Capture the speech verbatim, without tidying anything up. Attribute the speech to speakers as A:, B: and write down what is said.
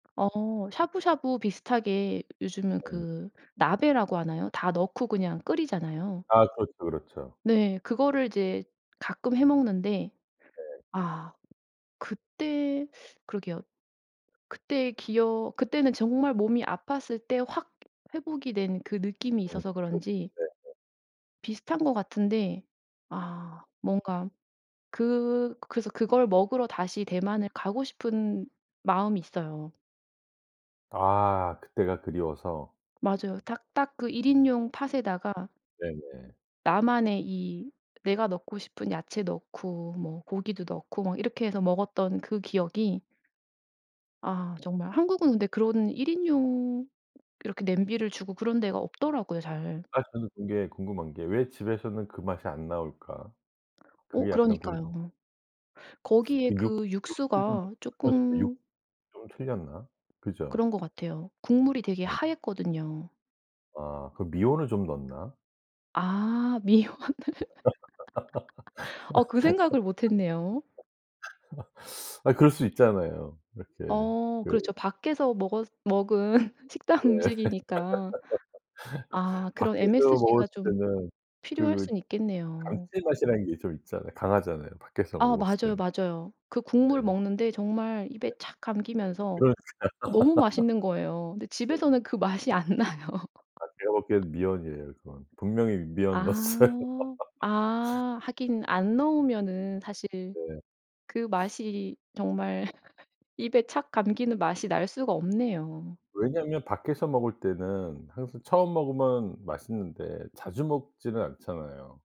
A: 어 샤브샤브 비슷하게 요즘은
B: 네.
A: 그 나베라고 하나요? 다 넣고 그냥 끓이잖아요.
B: 아 그렇죠, 그렇죠.
A: 네. 그거를 이제 가끔 해 먹는데
B: 네.
A: 아 그때 그러게요. 그때 기억 그때는 정말 몸이 아팠을 때 확 회복이 된 그 느낌이
B: 어
A: 있어서
B: 그쵸.
A: 그런지
B: 네네.
A: 비슷한 것 같은데 아 뭔가 그 그래서 그걸 먹으러 다시 대만을 가고 싶은 마음이 있어요.
B: 아 그때가 그리워서.
A: 맞아요. 탁 딱 그 일 인용 팟에다가
B: 네네.
A: 나만의 이 내가 넣고 싶은 야채 넣고 뭐 고기도 넣고 막 이렇게 해서 먹었던 그 기억이 아 정말 한국은 근데 그런 일 인용 이렇게 냄비를 주고 그런 데가 없더라고요 잘.
B: 아 저는 근데 궁금한 게 왜 집에서는 그 맛이 안 나올까?
A: 어
B: 그게 약간 궁
A: 그러니까요. 거기에
B: 그 육
A: 그
B: 육수도
A: 육수가
B: 그러니까 육
A: 쪼끔
B: 좀 틀렸나? 그죠?
A: 그런 것 같아요. 국물이 되게
B: 네.
A: 하앴거든요.
B: 아 그 미원을 좀 넣나?
A: 아 미원을. 어 그 생각을 못했네요.
B: 아 그럴 수 있잖아요. 이렇게
A: 어 그렇죠.
B: 그
A: 밖에서 먹었 먹은 식당
B: 예.
A: 음식이니까. 아 그런
B: 밖에서
A: msg가
B: 먹었을
A: 좀
B: 때는
A: 필요할
B: 그
A: 순 있겠네요.
B: 감칠맛이라는 게 좀 있잖아 강하잖아요, 밖에서
A: 아
B: 먹었을
A: 맞아요,
B: 때는.
A: 맞아요. 그 국물
B: 네.
A: 먹는데 정말
B: 네.
A: 입에 착 감기면서
B: 그러니까.
A: 아 너무 맛있는 거예요. 근데
B: 네.
A: 집에서는 그 맛이 안 나요.
B: 아 제가 보기엔 미원이에요, 그건. 분명히 미원 넣었어요.
A: 아. 아 하긴 안 넣으면은 사실
B: 네.
A: 그 맛이 정말 입에 착 감기는 맛이 날 수가 없네요.
B: 왜냐면 밖에서 먹을 때는 항상 처음 먹으면 맛있는데 자주 먹지는 않잖아요.